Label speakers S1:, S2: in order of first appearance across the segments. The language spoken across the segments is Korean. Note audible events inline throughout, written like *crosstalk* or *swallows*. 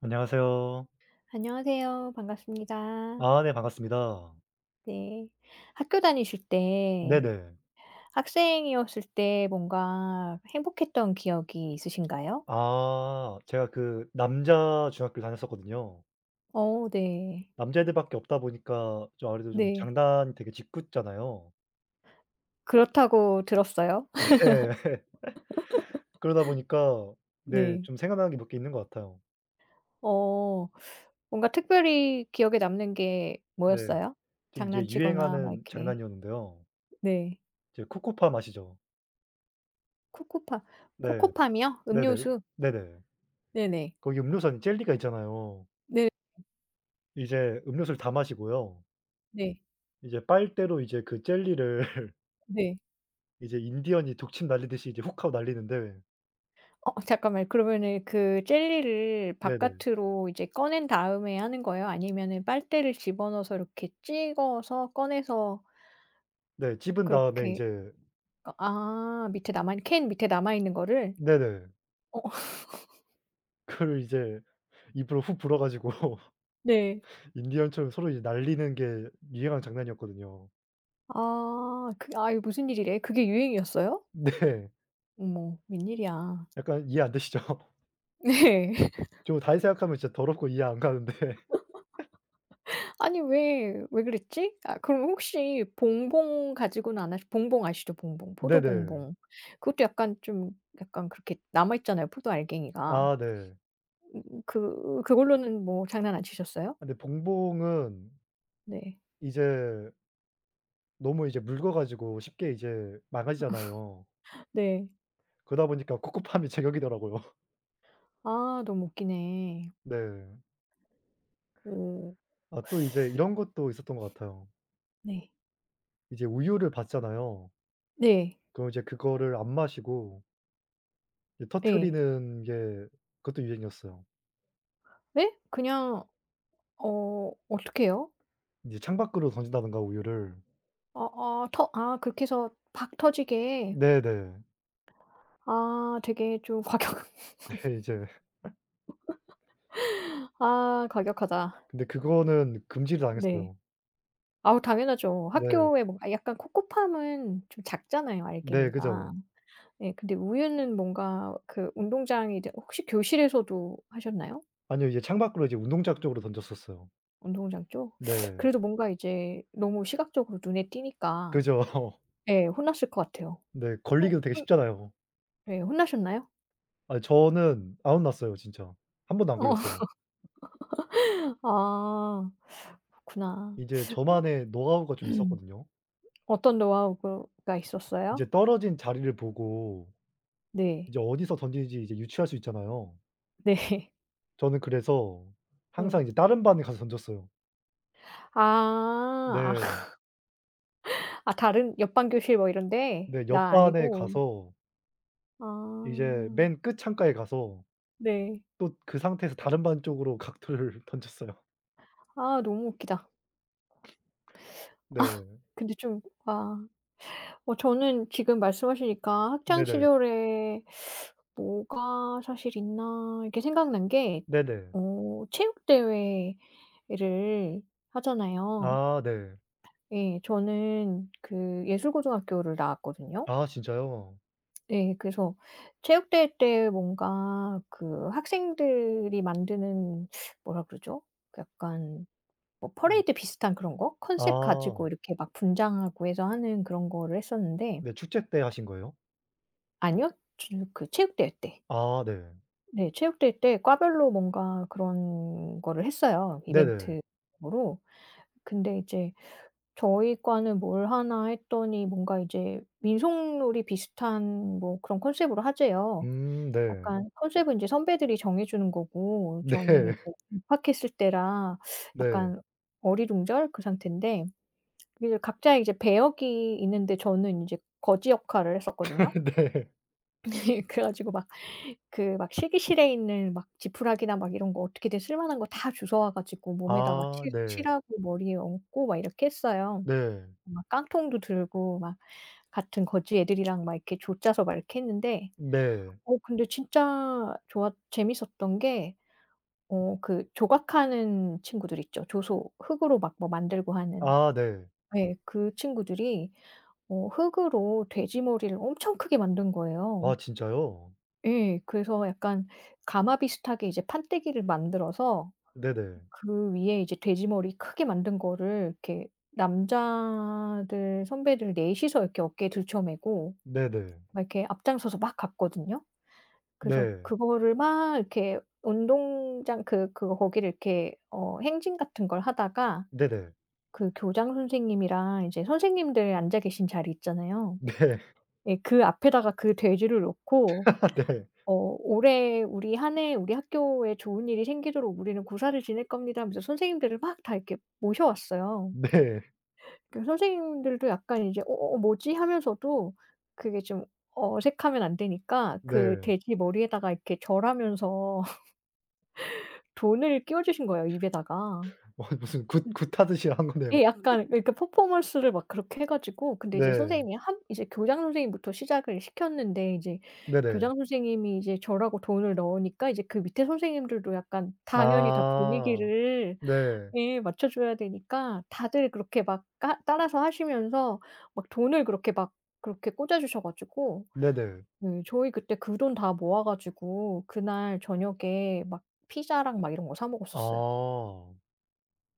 S1: 안녕하세요.
S2: 안녕하세요 반갑습니다.
S1: 아 네 반갑습니다.
S2: 네. 학교 다니실 때
S1: 네네.
S2: 학생이었을 때 뭔가 행복했던 기억이 있으신가요?
S1: 아. 제가 그 남자 중학교 다녔었거든요.
S2: 어 네.
S1: 남자애들밖에 없다 보니까 좀 아무래도 좀
S2: 네.
S1: 장난 되게 짓궂잖아요.
S2: "그렇다."고 들었어요.
S1: 네. *laughs* 그러다 보니까
S2: *laughs*
S1: 네
S2: 네.
S1: 좀 생각나는 게 몇 개 있는 것 같아요.
S2: 어. 뭔가 특별히 기억에 남는 게
S1: 네.
S2: 뭐였어요?
S1: 지금 이게
S2: 장난치거나 막
S1: 유행하는
S2: 이렇게.
S1: 장난이었는데요.
S2: 네.
S1: 이제 코코팜 아시죠.
S2: 코코팜,
S1: 네.
S2: 코코팜이요?
S1: 네네.
S2: 음료수.
S1: 네네.
S2: 네네.
S1: 거기 음료수 안에 젤리가 있잖아요.
S2: 네 음.
S1: 이제 음료수를 다 마시고요.
S2: 네.
S1: 이제 빨대로 이제 그 젤리를 *laughs*
S2: 네.
S1: 이제 인디언이 독침 날리듯이 인제 훅하고 날리는데
S2: 어 잠깐만 그러면은 그 젤리를
S1: 네네.
S2: 바깥으로 이제 꺼낸 다음에 하는 거예요? 아니면은 빨대를 집어넣어서 이렇게 찍어서 꺼내서
S1: 네. 찝은 다음에
S2: 그렇게
S1: 이제
S2: 아 아 밑에 남아 있 캔 밑에 남아 있는 거를?
S1: 네네.
S2: 어 *laughs*
S1: 그거를 이제 입으로 훅 불어 가지고
S2: 네.
S1: 인디언처럼 서로 이제 날리는 게 유행하는 장난이었거든요.
S2: 아. 그 아 이게 무슨 일이래? 그게 유행이었어요?
S1: 네.
S2: 어머 웬일이야?
S1: 약간 이해 안 되시죠.
S2: 네. *laughs*
S1: 저도 다시 생각하면 진짜 더럽고 이해 안 가는데 *laughs*
S2: *laughs* 아니 왜 왜 그랬지? 아 그럼 혹시 봉봉 가지고는 안 하시 봉봉 아시죠? 봉봉. 포도
S1: 네네.
S2: 봉봉. 그것도 약간 좀 약간 그렇게 남아 있잖아요 포도 알갱이가.
S1: 아 네.
S2: 음 그 그걸로는 뭐 장난 안 치셨어요?
S1: 아 근데 봉봉은
S2: 네.
S1: 이제 너무 이제 묽어 가지고 쉽게 이제 망가지잖아요.
S2: *laughs* 네.
S1: 그러다 보니까 코코팜이 제격이더라고요.
S2: 아 너무 웃기네.
S1: 네.
S2: 오.
S1: 아 또 이제
S2: *sucks teeth*
S1: 이런 것도 있었던 것 같아요.
S2: 네.
S1: 이제 우유를 받잖아요.
S2: 네.
S1: 그럼 이제 그거를 안 마시고 이
S2: 예.
S1: 터트리는 게 그것도 유행이었어요.
S2: 네? 그냥 어 어떻게요?
S1: 이제 창밖으로 던진다든가 우유를
S2: 아아 터 아 그렇게 해서 팍 터지게,
S1: 네네.
S2: 아 되게 좀 과격 *laughs*
S1: 네. 이제 *laughs*
S2: 아 과격하다.
S1: 근데 그거는 금지를
S2: 네.
S1: 당했어요.
S2: 아우 당연하죠.
S1: 네.
S2: 학교에 뭔가 약간 코코팜은 좀 작잖아요
S1: 네.
S2: 알갱이가.
S1: 그죠.
S2: 네 근데 우유는 뭔가 그 운동장이 이제 혹시 교실에서도 하셨나요?
S1: 아니요. 이제 창밖으로 이제 운동장 쪽으로 던졌었어요.
S2: 운동장 쪽? *sucks teeth*
S1: 네.
S2: 그래도 뭔가 이제 너무 시각적으로 눈에 띄니까.
S1: 그죠.
S2: 네 혼났을 것 같아요.
S1: 네.
S2: 혼
S1: 걸리기도 되게
S2: 혼
S1: 쉽잖아요.
S2: 예 혼나셨나요?
S1: 아 저는 안 혼났어요 진짜. 1 번도 안 걸렸어요.
S2: *laughs* 아 그렇구나.
S1: 이제
S2: 어.
S1: 저만의 노하우가 좀 있었거든요.
S2: *clears throat* 어떤 노하우 그 가 있었어요?
S1: 인제 떨어진 자리를 보고
S2: 네.
S1: 이제 어디서 던지는지 이제 유추할 수 있잖아요.
S2: 네.
S1: 저는 그래서 항상
S2: 네.
S1: 이제 다른 반에 가서 던졌어요.
S2: 아.
S1: 네.
S2: *laughs* 아 다른 옆 반 교실 뭐 이런 데?
S1: 네. 옆
S2: 나
S1: 반에
S2: 아니고?
S1: 가서 이제
S2: 아.
S1: 맨 끝 창가에 가서
S2: 네.
S1: 또 그 상태에서 다른 반 쪽으로 각도를 던졌어요.
S2: 아 너무 웃기다. *swallows* 아.
S1: *sniffs* 네.
S2: 근데 좀 아. 어 저는 지금 말씀하시니까 '학창
S1: 네네.
S2: 시절에 *sucks teeth* 뭐가 사실 있나.' 이렇게 생각난 게
S1: 네네.
S2: 어 체육대회를 하잖아요.
S1: 아 네.
S2: 예 저는 그 예술 고등학교를 나왔거든요.
S1: 아 진짜요?
S2: 예 그래서 체육대회 때 뭔가 그 학생들이 만드는 뭐라 그러죠? 그 약간 뭐
S1: 음.
S2: 퍼레이드 비슷한 그런 거? 컨셉
S1: 아.
S2: 가지고 이렇게 막 분장하고 해서 하는 그런 거를 했었는데
S1: 네 축제 때 하신 거예요?
S2: 아니요? 쥬 그 체육대회 때.
S1: 아 네.
S2: 네 체육대회 때 과별로 뭔가 그런 거를 했어요
S1: 네네.
S2: 이벤트용으로. 근데 이제 저희 과는 뭘 하나 했더니 뭔가 이제 민속놀이 비슷한 뭐 그런 컨셉로 하재요.
S1: 음 네.
S2: 약간 컨셉은 선배들이 정해주는 거고 저는 이제
S1: 네.
S2: 뭐 입학했을 때라
S1: 네.
S2: 약간 어리둥절 그 상태인데. 그 각자 이제 배역이 있는데 저는 인제 거지 역할을 했었거든요.
S1: *laughs* 네.
S2: 네. 그래 가지고 막 그 막 실기실에 있는 막 지푸라기나 막 이런 거 어떻게든 쓸만한 거 다 주워 와 가지고 몸에다가
S1: 아
S2: 칠
S1: 네.
S2: 칠하고 머리에 얹고 막 이렇게 했어요.
S1: 네.
S2: 막 깡통도 들고 막 같은 거지 애들이랑 막 이렇게 조 짜서 막 이렇게 했는데
S1: 네.
S2: 어 근데 진짜 좋았 재밌었던 게 어 그 조각하는 친구들 있죠 조소 흙으로 막 뭐 만들고 하는.
S1: 아 네.
S2: 네. 그 친구들이 어 흙으로 돼지 머리를 엄청 크게 만든 거예요.
S1: 아 진짜요?
S2: 예 그래서 약간 가마 비슷하게 이제 판때기를 만들어서
S1: 네네.
S2: 그 위에 이제 돼지 머리 크게 만든 거를 이렇게 남자들 선배들 4 이서 이렇게 어깨에 들쳐메고
S1: 네네.
S2: 막 이렇게 앞장서서 막 갔거든요. 그래서
S1: 네.
S2: 그거를 막 이렇게 운동장 그 그거 거기를 이렇게 어 행진 같은 걸 하다가
S1: 네네.
S2: 그 교장 선생님이랑 이제 선생님들 앉아 계신 자리 있잖아요?
S1: 네.
S2: 예 그 앞에다가 그 돼지를 놓고
S1: *laughs* 네.
S2: 어 "올해 우리 1 해 우리 학교에 좋은 일이 생기도록 우리는 고사를 지낼 겁니다." 하면서 선생님들을 막 다 이렇게 모셔왔어요.
S1: 네.
S2: 그 선생님들도 약간 이제 "어어 뭐지?" 하면서도 그게 좀 어색하면 안 되니까 그
S1: 네.
S2: 돼지 머리에다가 이렇게 절하면서 *laughs* 돈을 끼워주신 거예요 입에다가.
S1: 와 무슨 굿 굿하듯이 한 거네요?
S2: 예 약간 그러니까
S1: *laughs*
S2: 퍼포먼스를 막 그렇게 해 가지고 근데 이제
S1: 네.
S2: 선생님이 한 이제 교장 선생님부터 시작을 시켰는데 이제
S1: 네네.
S2: 교장 선생님이 이제 절하고 돈을 넣으니까 이제 그 밑에 선생님들도 약간 당연히 다
S1: 아.
S2: 분위기를
S1: 네.
S2: 예 맞춰줘야 되니까 다들 그렇게 막 까 따라서 하시면서 막 돈을 그렇게 막 그렇게 꽂아 주셔 가지고
S1: 네네.
S2: 예 저희 그때 그 돈 다 모아 가지고 그날 저녁에 막 피자랑 막 이런 거 사 먹었었어요.
S1: 아.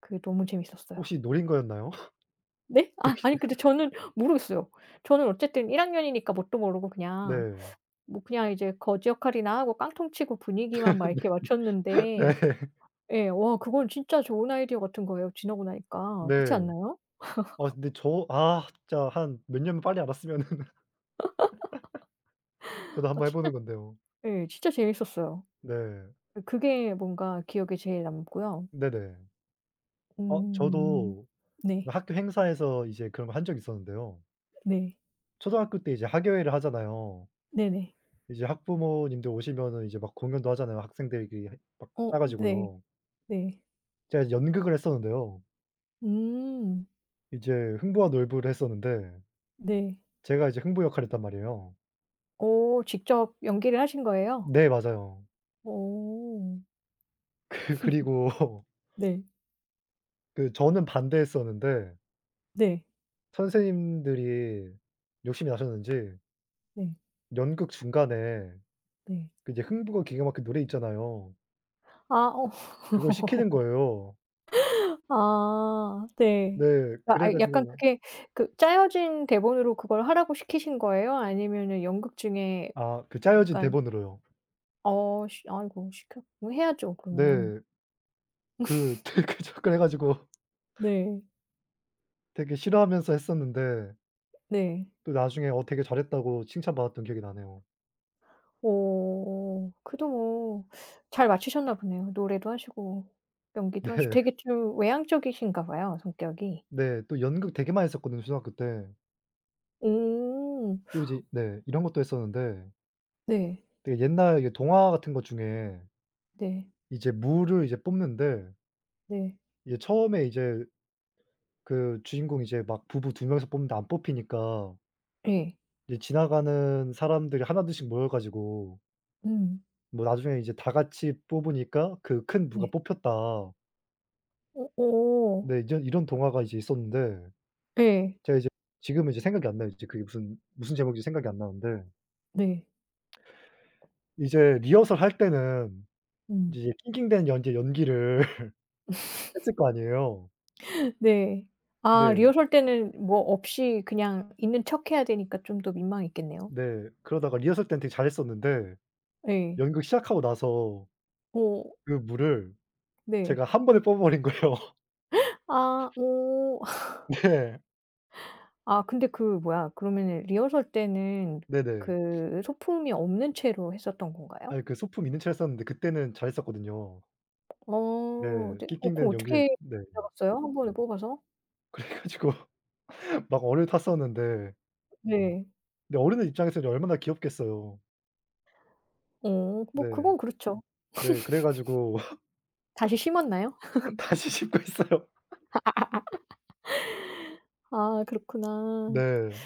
S2: 그게 너무 재밌었어요.
S1: 혹시 노린 거였나요?
S2: 네? 아 아니 근데 저는
S1: *laughs*
S2: 모르겠어요. 저는 어쨌든 1 학년이니까 뭣도 모르고 그냥
S1: 네.
S2: 뭐 그냥 이제 거지 역할이나 하고 깡통 치고 분위기만 막 이렇게
S1: *laughs*
S2: 맞췄는데
S1: 네.
S2: 예 와 그건 진짜 좋은 아이디어 같은 거예요 지나고 나니까. 그치
S1: 네.
S2: 않나요?
S1: 아
S2: *laughs*
S1: 근데 저 아 진짜 한 몇 년 빨리 와 봤으면은 *laughs*
S2: *laughs*
S1: 저도
S2: 아
S1: 한번 해
S2: 진짜
S1: 보는 건데요.
S2: 예 진짜 재밌었어요.
S1: 네.
S2: 그 그게 뭔가 기억에 제일 남고요.
S1: 네네. 아
S2: 음.
S1: 저도 그
S2: 네.
S1: 학교 행사에서 이제 그런 걸 한 적이 있었는데요.
S2: 네.
S1: 초등학교 때 이제 학예회를 하잖아요.
S2: 네네.
S1: 이제 학부모님들 오시면은 이제 막 공연도 하잖아요. 학생들이 그 막 짜
S2: 어 네.
S1: 가지고요.
S2: 네.
S1: 제가 이제 연극을 했었는데요.
S2: 음.
S1: 이제 흥부와 놀부를 했었는데
S2: 네.
S1: 제가 이제 흥부 역할을 했단 말이에요.
S2: 오 직접 연기를 하신 거예요?
S1: 네 맞아요.
S2: 오.
S1: 그 그리고
S2: *laughs* 네.
S1: 그 저는 반대했었는데
S2: 네.
S1: 선생님들이 욕심이 나셨는지
S2: 네.
S1: 연극 중간에
S2: 네.
S1: 그 이제 흥부가 기가 막혀 노래 있잖아요.
S2: 아 어.
S1: 그걸 시키는 거예요.
S2: *laughs* 아 네.
S1: 네.
S2: 아
S1: 그래 가지고
S2: 약간
S1: 막
S2: 그게 그 짜여진 대본으로 그걸 하라고 시키신 거예요? 아니면은 연극 중에
S1: 아 그
S2: 그
S1: 짜여진
S2: 약간
S1: 대본으로요.
S2: 어씨 아이고 시켰 뭐 해야죠 그러면.
S1: 네. 그
S2: *laughs*
S1: 되게 자꾸 해 가지고
S2: 네.
S1: 되게 싫어하면서 했었는데
S2: 네.
S1: 또 나중에 "어 되게 잘했다."고 칭찬받았던 기억이 나네요.
S2: 오. 그래도 뭐 잘 마치셨나 보네요. 노래도 하시고 연기도 하시
S1: 네.
S2: 되게 좀 외향적이신가 봐요 성격이?
S1: 네 또 연극 되게 많이 했었거든요 초등학교 때.
S2: 오.
S1: 또 이제 네 이런 것도 했었는데
S2: 네.
S1: 되게 옛날 이게 동화 같은 것 중에
S2: 네.
S1: 이제 무를 이제 뽑는데
S2: 네.
S1: 이제 처음에 이제 그 주인공이 이제 막 부부 2 명이서 뽑는데 안 뽑히니까
S2: 예.
S1: 이제 지나가는 사람들이 1, 2 씩 모여 가지고
S2: 음.
S1: 뭐 나중에 이제 다 같이 뽑으니까 그 큰 무가
S2: 네.
S1: 뽑혔다.
S2: 오. 오.
S1: 네 이전 이런 동화가 이제 있었는데
S2: 예.
S1: 제가 이제 지금은 이제 생각이 안 나요 진짜. 그게 무슨 무슨 제목인지 생각이 안 나는데
S2: 네.
S1: 이제 리허설 할 때는
S2: 음.
S1: 이제 낑낑대는 연기 연기를 *laughs*
S2: *laughs*
S1: 했을 거 아니에요.
S2: 네 아
S1: 네.
S2: 리허설 때는 뭐 없이 그냥 있는 척 해야 되니까 좀 더 민망했겠네요.
S1: 네. 그러다가 리허설 때는 되게 잘했었는데
S2: 예.
S1: 연극 시작하고 나서
S2: 오.
S1: 그 무를
S2: 네.
S1: 제가 1 번에 뽑아버린 거예요.
S2: *gasps* 아 오. *laughs*
S1: 네.
S2: 아 근데 그 뭐야 그러면은 리허설 때는
S1: 네네. *sniffs*
S2: 그 소품이 없는 채로 했었던 건가요?
S1: 아니 그 소품 있는 채로 했었는데 그때는 잘했었거든요.
S2: 어.
S1: 네.
S2: 네 어
S1: 낑낑대는
S2: 그럼
S1: 연기를
S2: 어떻게
S1: 네.
S2: 잡았어요? 1 번에 뽑아서?
S1: 그래 가지고 막 얼을 탔었는데
S2: 네.
S1: 근데 어른들 입장에서는 이제 얼마나 귀엽겠어요.
S2: 어
S1: 네.
S2: 뭐 그건 그렇죠.
S1: 네 그래 가지고
S2: *laughs* 다시 심었나요?
S1: *laughs*
S2: *laughs*
S1: 다시 심고 했어요.
S2: *laughs*
S1: *laughs*
S2: 아 그렇구나.
S1: 네.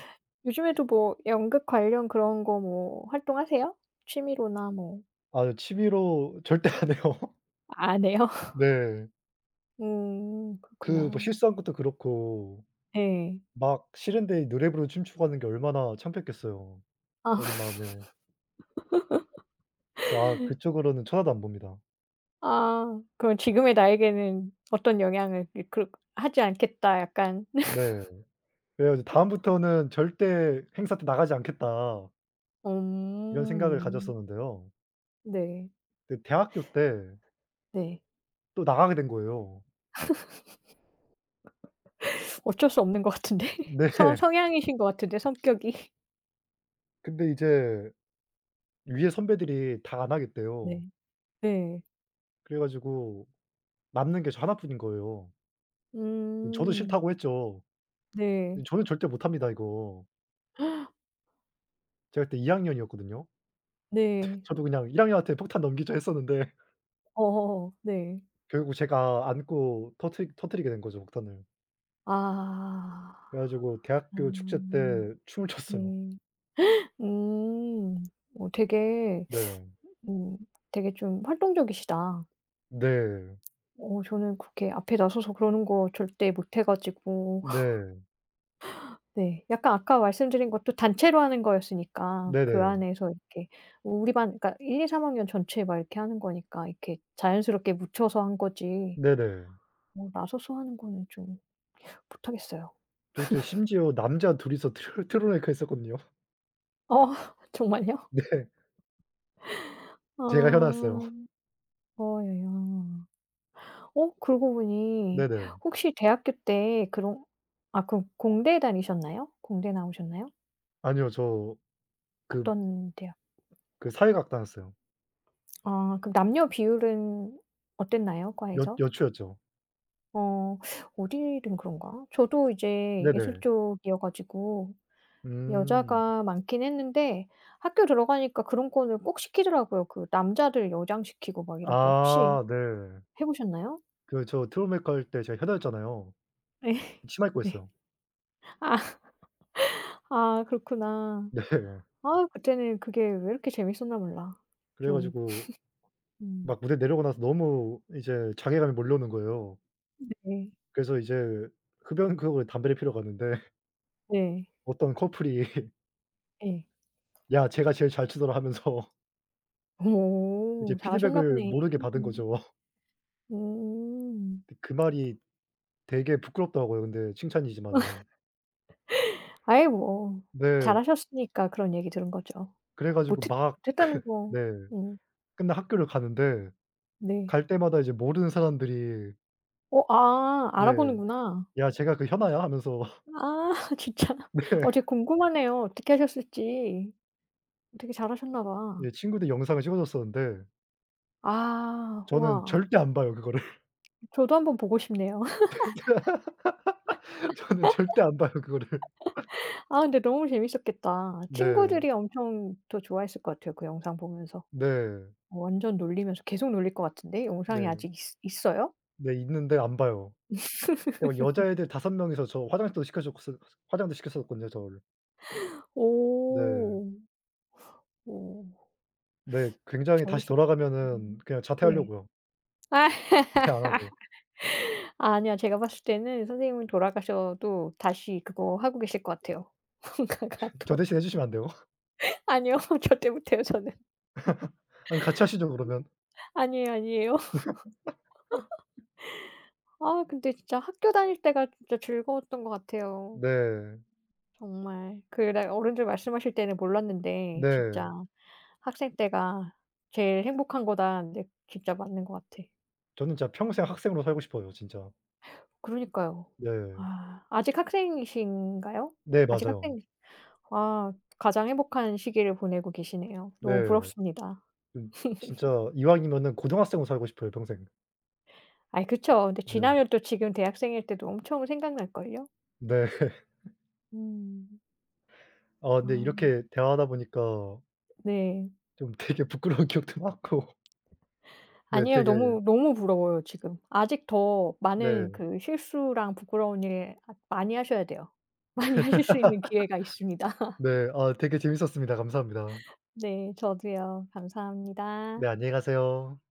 S2: 요즘에도 뭐 연극 관련 그런 거 뭐 활동하세요? 취미로나 뭐.
S1: 아으 취미로 절대 안 해요.
S2: 안 해요? *laughs*
S1: 네.
S2: 오
S1: 그 뭐
S2: 그렇구나.
S1: 실수한 것도 그렇고
S2: 예.
S1: 막 싫은데 노래 부르고 춤추고 하는 게 얼마나 창피했겠어요
S2: 아.
S1: 어린 마음에. 와
S2: *laughs*
S1: 그쪽으로는 쳐다도 안 봅니다.
S2: 아. 그럼 지금의 나에게는 어떤 영향을 이 그렇 하지 않겠다 약간.
S1: 네. 그래 가지고
S2: *laughs*
S1: '다음부터는 절대 행사 때 나가지 않겠다' 이런 생각을
S2: 엄.
S1: 가졌었는데요.
S2: 네.
S1: 근데 대학교 때
S2: 네.
S1: 또 나가게 된 거예요.
S2: *laughs* 어쩔 수 없는 것 같은데. 성
S1: 네.
S2: 성향이신 것 같은데 성격이.
S1: 근데 이제 위에 선배들이 다 안 하겠대요.
S2: 네. 네.
S1: 그래 가지고 남는 게 저 1 뿐인 거예요. 저도
S2: 음.
S1: "싫다."고 했죠.
S2: 네.
S1: "어 저는 절대 못합니다 이거."
S2: *gasps*
S1: 제가 그때 2 학년이었거든요? *laughs*
S2: 네.
S1: 저도 그냥 '1 학년한테 폭탄 넘기자.' 했었는데
S2: 어어어. 네.
S1: 결국 제가 안고 터트 터트리게 된 거죠 폭탄을.
S2: 아.
S1: 그래 가지고 대학교 축제
S2: 그러면은.
S1: 때 춤을 췄어요.
S2: 네. *gasps* 음. 어 되게
S1: 네.
S2: *sucks teeth* 오 되게 좀 활동적이시다.
S1: 네.
S2: 어 저는 그렇게 앞에 나서서 그러는 거 절대 못 해 가지고.
S1: 네.
S2: *laughs* 네 약간 아까 말씀드린 것도 단체로 하는 거였으니까 그
S1: 네네.
S2: 안에서 이렇게 우리 반 그러니까 1, 2, 3 학년 전체 막 이렇게 하는 거니까 이렇게 자연스럽게 묻혀서 한 거지
S1: 네네.
S2: 어 나서서 하는 거는 좀 못하겠어요.
S1: 저 그때
S2: *laughs*
S1: 심지어 남자 2 이서 트럴 트러블 메이커 했었거든요.
S2: 어 정말요?
S1: 네. 제가 현아였어요.
S2: 아.
S1: *laughs*
S2: 어이야. 어? 그러고 보니
S1: 네네.
S2: 혹시 대학교 때 그럼 아 그럼 공대 다니셨나요? 공대 나오셨나요?
S1: 아니요. 저 그
S2: 어떤 대학
S1: 그
S2: *swallows*
S1: 사회 과학 다녔어요.
S2: 아 그럼 남녀 비율은 어땠나요
S1: 여
S2: 과에서?
S1: 여초였죠.
S2: 어 어디든 그런가? 저도 이제 예술
S1: 네네.
S2: 쪽이어 가지고
S1: 음.
S2: 여자가 많긴 했는데 학교 들어가니까 그런 거는 꼭 시키더라고요. 그 남자들 여장시키고 막 이러고. 혹시
S1: 아 네.
S2: 해 보셨나요?
S1: 그 저 트러블 메이커 할 때 제가 현아였잖아요.
S2: 예.
S1: 치마
S2: 네.
S1: 입고했어요.
S2: 아. *laughs* 아 그렇구나.
S1: 네.
S2: 아유 그때는 그게 왜 이렇게 재밌었나 몰라.
S1: 그래
S2: 좀.
S1: 가지고
S2: *laughs* 음.
S1: 막 무대 내려오고 나서 너무 이제 자괴감이 몰려오는 거예요.
S2: 네.
S1: 그래서 이제 흡연 구역으로 담배를 피러 갔는데
S2: 네.
S1: 어떤 커플이
S2: 예.
S1: "야 쟤가 제일 잘 추더라." 하면서 이제
S2: 오
S1: 피드백을
S2: 잘하셨나보네.
S1: 모르게 받은 거죠.
S2: 오.
S1: 그 그 말이 되게 부끄럽더라고요 근데 칭찬이지만은.
S2: *laughs* 아이 뭐 잘
S1: 네.
S2: 하셨으니까 그런 얘기 들은 거죠.
S1: 그래 가지고
S2: 못했
S1: 막
S2: 못했다는
S1: *laughs*
S2: 거
S1: 네.
S2: 응.
S1: 끝나 학교를 가는데
S2: 네.
S1: 갈 때마다 이제 모르는 사람들이
S2: 어? 아
S1: 네.
S2: 알아보는구나.
S1: "야 쟤가 그 현아야." 하면서
S2: 아 진짜? 어
S1: 네.
S2: 진짜 궁금하네요 어떻게 하셨을지. 되게 잘하셨나
S1: 네.
S2: 봐.
S1: 친구들이 영상을 찍어줬었는데
S2: 아
S1: 저는
S2: 우와.
S1: 절대 안 봐요 그거를.
S2: 저도 한번 보고 싶네요.
S1: *laughs* 저는 절대 안 봐요 그거를.
S2: *laughs* 아 근데 너무 재밌었겠다.
S1: 네.
S2: 친구들이 엄청 또 좋아했을 것 같아요 그 영상 보면서.
S1: 네.
S2: 완전 놀리면서 계속 놀릴 것 같은데 영상이
S1: 네.
S2: 아직 있 있어요?
S1: 네 있는데 안 봐요. 어
S2: *laughs*
S1: 여자애들 5 명이서 저 화장도 시켜줬을 화장도 시켜줬었거든요 저를. 네.
S2: 오. 오.
S1: 네 굉장히 다시
S2: 재밌었겠
S1: 돌아가면은
S2: 음
S1: 그냥
S2: 네.
S1: 자퇴하려고요. 네. 안하고.
S2: *laughs* 아니야 제가 봤을 때는 선생님은 돌아가셔도 다시 그거 하고 계실 거 같아요. 뭔가
S1: 저
S2: 같아.
S1: 대신 해 주시면 안 돼요?
S2: 아니요 절대 못해요 저는.
S1: *laughs* 아님 같이 하시죠 그러면.
S2: 아니에요, 아니에요.
S1: *laughs*
S2: *laughs* 아 근데 진짜 학교 다닐 때가 진짜 즐거웠던 거 같아요.
S1: 네.
S2: 정말 그냥 어른들 말씀하실 때는 몰랐는데 진짜
S1: 네.
S2: "학생 때가 제일 행복한 거다." 하는데 진짜 맞는 것 같아.
S1: 저는 진짜 평생
S2: 지금.
S1: 학생으로 살고 싶어요 진짜.
S2: 그러니까요.
S1: 네.
S2: 아 아직 학생이신가요?
S1: 네
S2: 아직
S1: 맞아요.
S2: 학생이신 와 가장 행복한 시기를 보내고 계시네요.
S1: 네.
S2: 너무 부럽습니다.
S1: 음
S2: *laughs*
S1: 진짜 이왕이면은 고등학생으로 살고 싶어요 평생.
S2: 아이 그쵸. 근데
S1: 네.
S2: 지나면 또 지금 대학생일 때도 엄청 생각날걸요?
S1: 네.
S2: 음.
S1: 아
S2: 아
S1: 근데
S2: 나.
S1: 이렇게 대화하다 보니까
S2: 네.
S1: 좀 되게 부끄러운 기억도 많고 네
S2: 아니에요.
S1: 되게
S2: 너무, 너무 부러워요 지금. 아직 더
S1: 네.
S2: 많은 그 실수랑 부끄러운 일 앗 많이 하셔야 돼요. 많이 하실 수 있는 기회가 있습니다.
S1: *laughs* 네. 아 되게 재미있었습니다. 감사합니다.
S2: 네 저도요. 감사합니다.
S1: 네 안녕히 가세요.